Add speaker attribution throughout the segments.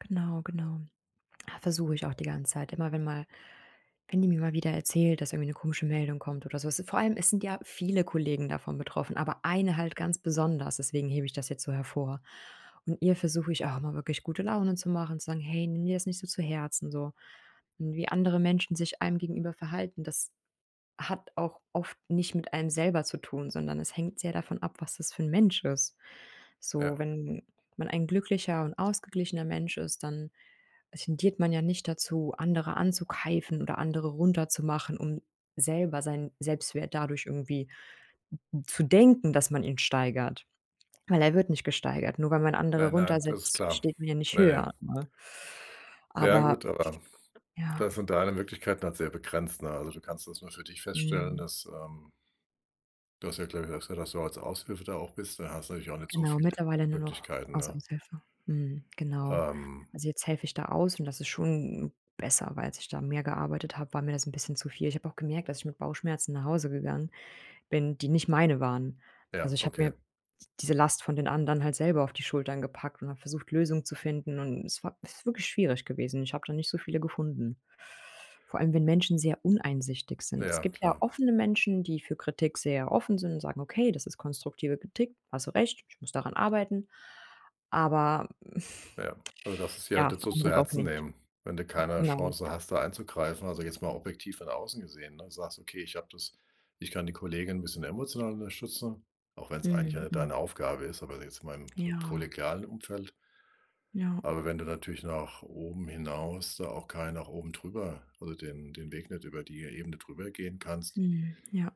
Speaker 1: Genau, genau. Ah, versuche ich auch die ganze Zeit immer, wenn mal wenn die mir mal wieder erzählt, dass irgendwie 'ne komische Meldung kommt oder so. Es ist vor allem es sind ja viele Kollegen davon betroffen, aber eine halt ganz besonders, deswegen hebe ich das jetzt so hervor. Und ihr versuche ich auch immer, wirklich gute Laune zu machen, zu sagen: „Hey, nimm dir das nicht so zu Herzen”, so. Und wie andere Menschen sich einem gegenüber verhalten, das hat auch oft nicht mit einem selber zu tun, sondern es hängt sehr davon ab, was das für 'n Mensch ist. So,
Speaker 2: Ja.
Speaker 1: wenn man ein glücklicher und ausgeglichener Mensch ist, dann, äh, tendiert man ja nicht dazu, andere anzukeifen oder andere runterzumachen, um selber seinen Selbstwert dadurch irgendwie, n n zu denken, dass man ihn steigert, weil er wird nicht gesteigert, nur weil man andere
Speaker 2: Nein, nein, das ist
Speaker 1: runtersetzt,
Speaker 2: klar.
Speaker 1: steht man ja nicht
Speaker 2: Ja, ja.
Speaker 1: höher, ne?
Speaker 2: Ja,
Speaker 1: Aber.
Speaker 2: gut, aber
Speaker 1: Ja.
Speaker 2: da sind deine Möglichkeiten halt sehr begrenzt, ne? Also du kannst das nur für dich feststellen,
Speaker 1: Mhm.
Speaker 2: dass, ähm Du hast ja, glaube ich, gesagt, dass du als Aushilfe da auch bist. Da hast du natürlich auch nicht so
Speaker 1: Genau,
Speaker 2: viele
Speaker 1: mittlerweile nur noch
Speaker 2: Möglichkeiten,
Speaker 1: als
Speaker 2: ne?
Speaker 1: Aushilfe. Mhm, genau.
Speaker 2: Ähm.
Speaker 1: Also, jetzt helfe ich da aus und das ist schon besser, weil als ich da mehr gearbeitet habe, war mir das 'n bisschen zu viel. Ich habe auch gemerkt, dass ich mit Bauchschmerzen nach Hause gegangen bin, die nicht meine waren. Also
Speaker 2: Ja,
Speaker 1: ich habe mir
Speaker 2: okay.
Speaker 1: d diese Last von den anderen halt selber auf die Schultern gepackt und habe versucht, Lösungen zu finden, und es war ist wirklich schwierig gewesen. Ich habe da nicht so viele gefunden. Vor allem, wenn Menschen sehr uneinsichtig sind. Es
Speaker 2: Ja,
Speaker 1: gibt ja
Speaker 2: klar.
Speaker 1: offene Menschen, die für Kritik sehr offen sind, sagen: „Okay, das ist konstruktive Kritik, hast du recht, ich muss daran arbeiten.“ Aber,
Speaker 2: Ja, also du darfst es dir halt
Speaker 1: ja,
Speaker 2: nicht so zu
Speaker 1: andere auch
Speaker 2: Herzen
Speaker 1: nicht.
Speaker 2: nehmen, wenn du
Speaker 1: Hm,
Speaker 2: keine
Speaker 1: genau.
Speaker 2: Chance hast, da einzugreifen, also jetzt mal objektiv von außen gesehen, ne? Di sagst: „Okay, ich habe das ich kann die Kollegin 'n bisschen emotional unterstützen”, auch wenn's eigentlich ja
Speaker 1: Mhm,
Speaker 2: nicht
Speaker 1: Hm.
Speaker 2: deine Aufgabe ist, aber jetzt mal im
Speaker 1: Ja.
Speaker 2: kollegialen Umfeld.
Speaker 1: Ja.
Speaker 2: Aber wenn du natürlich nach oben hinaus da auch kein nach oben drüber also den den Weg nicht über die Ebene darüber gehen kannst
Speaker 1: Mhm, ja.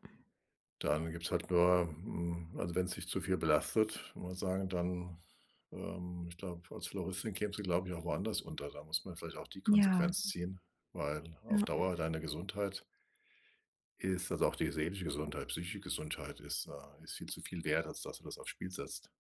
Speaker 2: dann gibt's halt nur hm, also, wenn's dich zu viel belastet, mal sagen, dann, ähm, ich glaube, als Floristin kämst du, glaube ich, auch woanders unter. Da muss man vielleicht auch die
Speaker 1: Ja.
Speaker 2: Konsequenz ziehen, weil auf
Speaker 1: Ja.
Speaker 2: Dauer deine Gesundheit ist also auch die seelische Gesundheit, psychische Gesundheit ist, äh ist viel zu viel wert, als dass du das aufs Spiel setzt.